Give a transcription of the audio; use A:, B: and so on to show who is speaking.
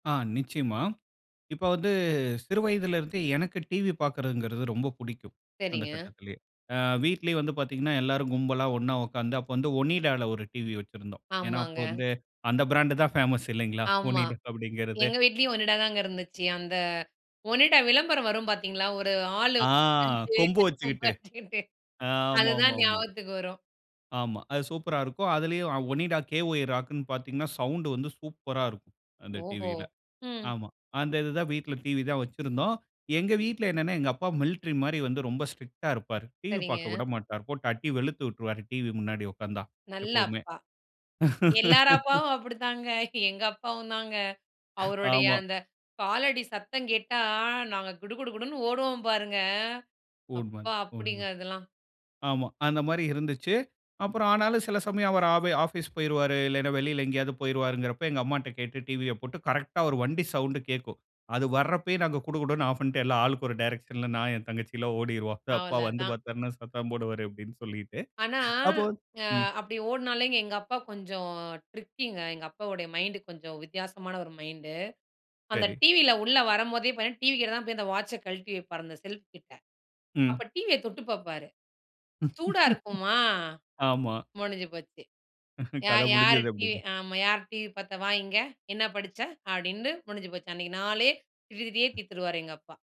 A: ஆ, நிச்சயமா. இப்ப வந்து சிறு வயதுல இருந்து எனக்கு டிவி பாக்கரதுங்கறது ரொம்ப பிடிக்கும், அந்த
B: சரிங்க.
A: கட்டத்துலயே. அ வீட்லயே வந்து பாத்தீங்கனா, எல்லாரும் கும்பலா ஒண்ணா உக்காந்து, அப்போ வந்து ONIDA ல ஒரு டிவி வைச்சுருந்தோம், ஏனா அப்போ
B: ஆமாங்க.
A: வந்து அந்த பிராண்டுதான் பேமசு இல்லைங்களா?
B: ஆமா,
A: ONIDA அப்படிங்கறது.
B: எங்க வீட்லயும் ONIDA தாங்க இருந்துச்சி. அந்த ONIDA விளம்பரம் வரும் பாத்தீங்களா? ஒரு ஆளு
A: ஆ,
B: வந்து
A: கொம்பு
B: பல்லு கொம்பு
A: வச்சுகிட்டு
B: வச்சிகிட்டு,
A: ஆமா, ஆமா,
B: அதுதான்
A: ஆமா.
B: ஞாபகத்துக்கு வரும்
A: ஆமா. அது சூப்பரா இருக்கும். அதுலயும் ONIDA KY ராக்குனு பாத்தீங்கன்னா, சவுண்டு வந்து சூப்பரா இருக்கும், அந்த
B: ஓஹோ!
A: டிவியில.
B: ம்.
A: ஆமா. அந்த இதுதான் வீட்ல TV தான் வைச்சுருந்தோம். எங்க வீட்ல என்னனா, எங்க அப்பா மில்ட்ரி மாரி வந்து ரொம்ப ஸ்ட்ரிக்டா இருப்பாரு. டிவி பாக்க
B: சரிங்க.
A: உடமாட்டாரு. போட்டு அடி வெளுத்து உட்டுருவாரு. டிவி முன்னாடி உக்காந்தா,
B: நல்ல
A: எப்போவுமே.
B: அப்பா. எல்லார் அப்பாவும் அப்படித்தாங்க, எங்க அப்பாவும்தாங்க அவருடைய
A: ஆமா.
B: அந்த காலடி சத்தங்கேட்டா நாங்க குடு குடு குடுன்னு ஓடுவோம் பாருங்க!
A: உண்ம,
B: அப்ப அப்படிங்க
A: உண்ம.
B: அதெல்லாம்.
A: ஆமா, அந்தமாரி இருந்துச்சு. அப்புறம் ஆனாலும் சில சமயம் அவரு ஆப் ஆபீஸு போயிருவாரு, இல்லனா வெளியில எங்கயாவது போயிருவாருங்கறப்ப எங்க அம்மா கிட்ட கேட்டு டிவிய போட்டு கரெக்டா அவுரு வண்டி சவுண்டு கேக்கும். அது வர்றப்பயே நாங்க குடு குடுன்னு ஆஃப் பண்ணிட்டு எல்லாம், ஆளுக்கு ஒரு டேரக்ஷன்ல நான், என் தங்கச்சி எல்லாம் ஓடிருவோம். அப்பா வந்து
B: அவ்ளோதான்.
A: பாத்தாருனா, சத்தம் போடுவாரு அப்படினு சொல்லிட்டு,
B: ஆனா,
A: அப்போ
B: அ
A: ம்.
B: அப்படி ஓடுனாலே எங்க அப்பா கொஞ்சம் ட்ரிக்கிங்க எங்க அப்பாவோட மைண்டு கொஞ்சம் வித்தியாசமான ஒரு மைண்டு. அந்த
A: சரி.
B: டிவியில உள்ள வரம்போதே டிவி கிட்டதா போய் தான் அந்த வாட்ச்ச கழட்டி வைப்பாரு அந்த செல்ஃப் கிட்ட,
A: ம்.
B: அப்ப டிவிய தொட்டுப் பாப்பாரு. சூடா இருக்குமா?
A: ஆமா.
B: முடிஞ்சு போச்சு!
A: கத
B: "யார் யார்?
A: முடுஞ்சுது,
B: டிவி
A: அப்படினு.
B: ஆமா, யார் டிவி பாத்தா? வா இங்க! என்ன படிச்ச? அப்படின்னு முடிஞ்சு போச்சு. அன்னைக்கு நாளே திட்டி திட்டியே தீத்துருவாரு" எங்க அப்பா.